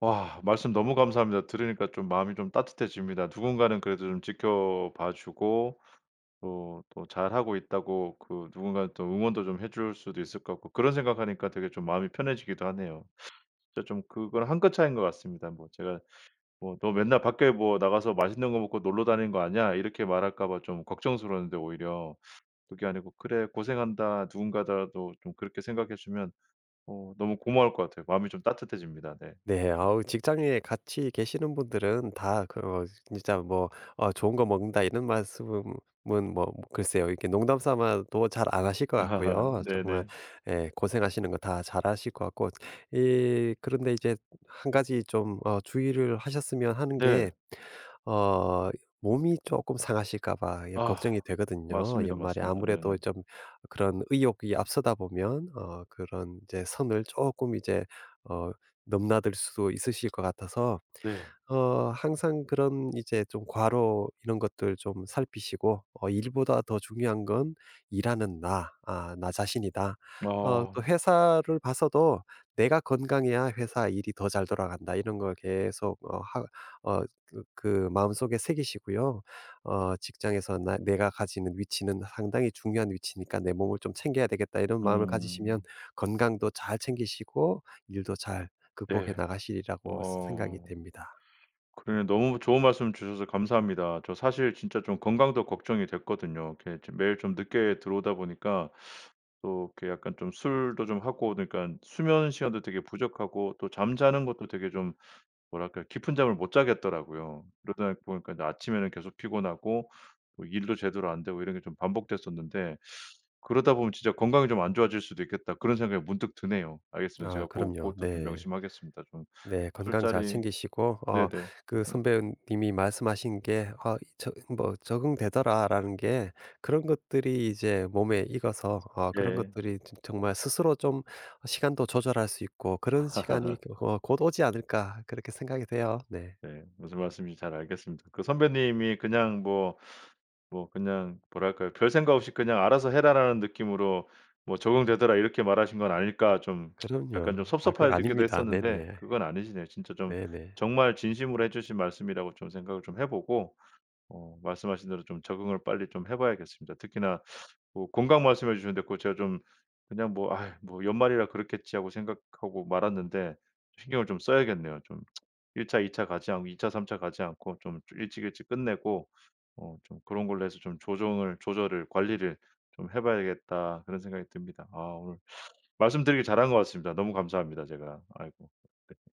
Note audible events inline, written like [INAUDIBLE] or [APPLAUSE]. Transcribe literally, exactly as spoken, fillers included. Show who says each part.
Speaker 1: 와. 말씀 너무 감사합니다. 들으니까 좀 마음이 좀 따뜻해집니다. 누군가는 그래도 좀 지켜봐 주고 또 또 잘 하고 있다고 그 누군가는 또 응원도 좀 해 줄 수도 있을 것 같고 그런 생각 하니까 되게 좀 마음이 편해지기도 하네요. 진짜 좀 그걸 한 끗 차이인 것 같습니다. 뭐 제가 뭐 "너 맨날 밖에 뭐 나가서 맛있는 거 먹고 놀러 다니는 거 아니야." 이렇게 말할까 봐 좀 걱정스러웠는데 오히려 [SUCKS TEETH] 그게 아니고 '그래 고생한다.' 누군가더라도 좀 그렇게 생각해 주면 어 너무 고마울 것 같아요. 마음이 좀 따뜻해집니다. 네.
Speaker 2: 네. 아
Speaker 1: 음.
Speaker 2: 어 직장에 같이 계시는 분들은 다 그 어 진짜 뭐 "아 좋은 거 먹는다." 이런 말씀은 뭔 뭐 글쎄요 이렇게 농담 삼아도 잘 안 하실 것
Speaker 1: [LAUGHS]
Speaker 2: 같고요. 정말
Speaker 1: 네네.
Speaker 2: 예 고생하시는 거 다 잘 아실 것 같고 이 그런데 이제 한 가지 좀 어 주의를 하셨으면 하는 게
Speaker 1: 네.
Speaker 2: 어 몸이 쪼끔 상하실까 봐 예
Speaker 1: 아
Speaker 2: 걱정이 되거든요.
Speaker 1: 맞습니다,
Speaker 2: 연말에
Speaker 1: 맞습니다. 네네.
Speaker 2: 아무래도 좀 어 그런 의욕이 앞서다 보면 어 그런 이제 선을 쪼끔 이제 어 넘나들 수도 있으실 것 같아서
Speaker 1: 네.
Speaker 2: 어 항상 그런 이제 좀 과로 이런 것들 좀 살피시고 어 '일보다 더 중요한 건 일하는 나 아 나 자신이다. 어 또
Speaker 1: 아.
Speaker 2: 회사를 봐서도 내가 건강해야 회사 일이 더 잘 돌아간다.' 이런 걸 계속 어 하 어 그 그 마음속에 새기시고요. 어 '직장에서 나 내가 가지는 위치는 상당히 중요한 위치니까 내 몸을 좀 챙겨야 되겠다.' 이런 마음을 가지시면
Speaker 1: 음.
Speaker 2: 건강도 잘 챙기시고 일도 잘 극복해
Speaker 1: 예.
Speaker 2: 나가시리라고 생각이
Speaker 1: 어.
Speaker 2: 됩니다.
Speaker 1: 그러네 너무 좋은 말씀 주셔서 감사합니다. 저 사실 진짜 좀 건강도 걱정이 됐거든요. 이렇게 좀 매일 좀 늦게 들어오다 보니까 [SUCKS TEETH] 또 이렇게 약간 좀 술도 좀 하고 그러니깐 수면 시간도 되게 부족하고 또 잠자는 것도 되게 좀 뭐랄까 깊은 잠을 못 자겠더라고요. 그러다 보니까 아침에는 계속 피곤하고 뭐 일도 제대로 안 되고 이런 게 좀 반복됐었는데 [SUCKS TEETH] 그러다 보면 '진짜 건강이 좀 안 좋아질 수도 있겠다.' 그런 생각이 문득 드네요. 알겠습니다.
Speaker 2: 아.
Speaker 1: 제가 고
Speaker 2: 그럼요.
Speaker 1: 고것도 좀
Speaker 2: 네.
Speaker 1: 명심하겠습니다. 좀
Speaker 2: 네. 건강 잘
Speaker 1: 술자리
Speaker 2: 챙기시고 어
Speaker 1: 네네.
Speaker 2: 그
Speaker 1: [LAUGHS]
Speaker 2: 선배님이 말씀하신 게 아 저 뭐 "적응되더라."라는 게 그런 것들이 이제 몸에 익어서 어 그런
Speaker 1: 예.
Speaker 2: 것들이 저 정말 스스로 좀 시간도 조절할 수 있고 '그런 시간이
Speaker 1: [LAUGHS]
Speaker 2: 어 곧 오지 않을까.' 그렇게 생각이 돼요. 네.
Speaker 1: 네. 무슨 말씀인지 잘 알겠습니다. 그 선배님이 그냥 뭐 뭐 그냥 뭐랄까요 '별생각 없이 그냥 '알아서 해라.'라는 느낌으로 뭐 "적응되더라." 이렇게 말하신 건 아닐까.' 좀 [TSK]
Speaker 2: 그럼요.
Speaker 1: 약간 좀
Speaker 2: 아 그
Speaker 1: 섭섭해지기도
Speaker 2: 아닙니다.
Speaker 1: 했었는데
Speaker 2: 네네.
Speaker 1: 그건 아니시네요. 진짜 좀
Speaker 2: 네네.
Speaker 1: 정말 진심으로 해 주신 말씀이라고 좀 생각을 좀 해 보고 어 말씀하신 대로 좀 적응을 빨리 좀 해 봐야겠습니다. 특히나 [SUCKS TEETH] 뭐 건강 말씀해 주셨는데 그거 제가 좀 그냥 뭐 '아이 뭐 연말이라 그렇겠지.' 하고 생각하고 말았는데 신경을 좀 써야겠네요 좀. [TSK] '일 차 이 차 가지 않고 이 차 삼 차 가지 않고 좀 일찍 일찍 끝내고 어 좀 그런 걸로 해서 좀 조정을 조절을 관리를 좀 해 봐야겠다.' 그런 생각이 듭니다. 아 오늘 말씀드리기를 잘 한 것 같습니다. 너무 감사합니다 제가. 아이고. [LAUGHS]